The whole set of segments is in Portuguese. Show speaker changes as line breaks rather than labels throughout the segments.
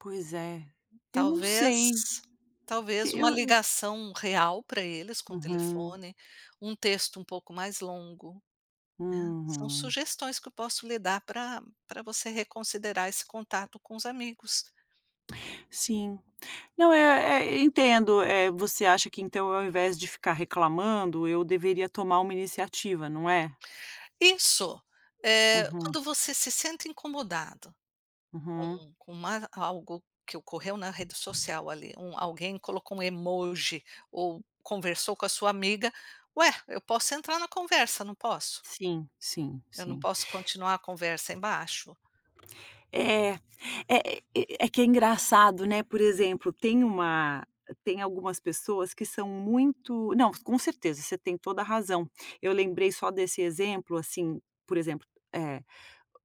Pois é, eu não
Talvez
sei. E
talvez uma
eu
ligação real para eles com o
Uhum.
telefone, um texto um pouco mais longo, né. São
Uhum.
sugestões que eu posso lhe dar pra pra você reconsiderar esse contato com os amigos.
Sim, não é é entendo, eh, você acha que então ao invés de ficar reclamando eu deveria tomar uma iniciativa, não é?
Isso, eh,
Uhum.
quando você se sente incomodada,
Uhum.
com com uma algo que ocorreu na rede social ali, um alguém colocou um emoji ou conversou com a sua amiga, ué, eu posso entrar na conversa, não posso?
Sim, sim,
Eu não
sim.
posso continuar a conversa embaixo?
É é é é que é engraçado, né. Por exemplo, tem uma tem algumas pessoas que são muito não, com certeza, você tem toda a razão. Eu lembrei só desse exemplo, assim, por exemplo, eh,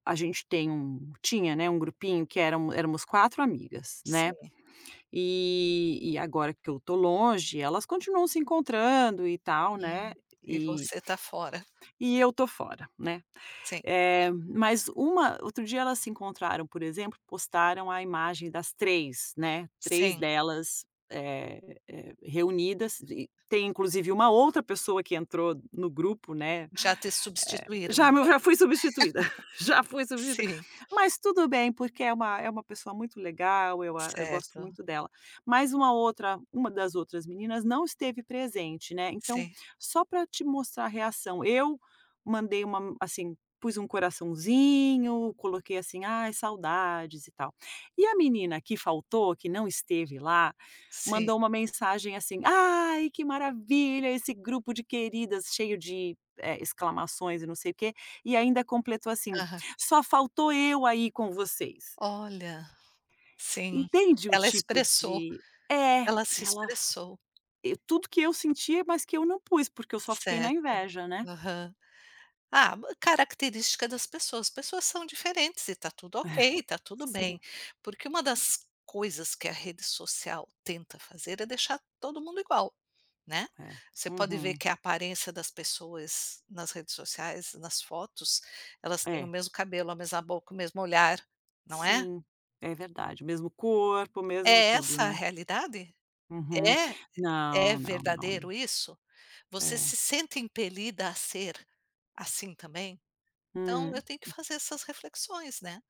a gente tem um tinha, né, um grupinho que eram éramos 4 amigas, né,
Sim.
e e agora que eu estou longe, elas continuam se encontrando e tal, né,
Hum, e
e
você está fora.
e eu estou fora, né,
Sim.
eh, mas uma outro dia elas se encontraram, por exemplo, postaram a imagem das 3, né, 3
Sim.
delas, eh eh, reunidas e tem inclusive uma outra pessoa que entrou no grupo, né,
Já te
eh,
substituíram,
já meu
né,
já fui substituída já fui substituída,
sim.
mas tudo bem porque é uma é uma pessoa muito legal, eu a eu gosto
Certo.
muito dela, mas uma outra uma das outras meninas não esteve presente, né, então
Sim.
só para te mostrar a reação, eu mandei uma men assim, pus um coraçãozinho, coloquei assim, ai saudades e tal. E a menina que faltou, que não esteve lá,
Sim.
mandou uma mensagem assim, "Ai que maravilha, esse grupo de queridas!" cheio de, eh, exclamações e não sei o quê, e ainda completou assim:
Aham.
"Só faltou eu aí com vocês".
Olha, sim,
Entende o
ela
tipo
expressou
de é,
ela se
ela
expressou.
e tudo que eu sentia, mas que eu não pus, porque eu só fiquei na
Certo,
inveja, né.
aham, ah, característica das pessoas, as pessoas são diferentes e tá tudo
É,
ok, tá tudo bem.
sim.
Porque uma das coisas que a rede social tenta fazer é deixar todo mundo igual, né.
É,
Você pode ver
uhum.
que a aparência das pessoas nas redes sociais, nas fotos, elas têm o
É.
mesmo cabelo, a mesma boca, o mesmo olhar, não é?
Sim, é verdade, mesmo corpo,
É
mesmo tudo,
essa a
né.
realidade?
Uhum,
É? É
não, não,
verdadeiro
não.
isso? Você
É.
se sente impelida a ser, assim também, então eu
Hum.
tenho que fazer essas reflexões, né.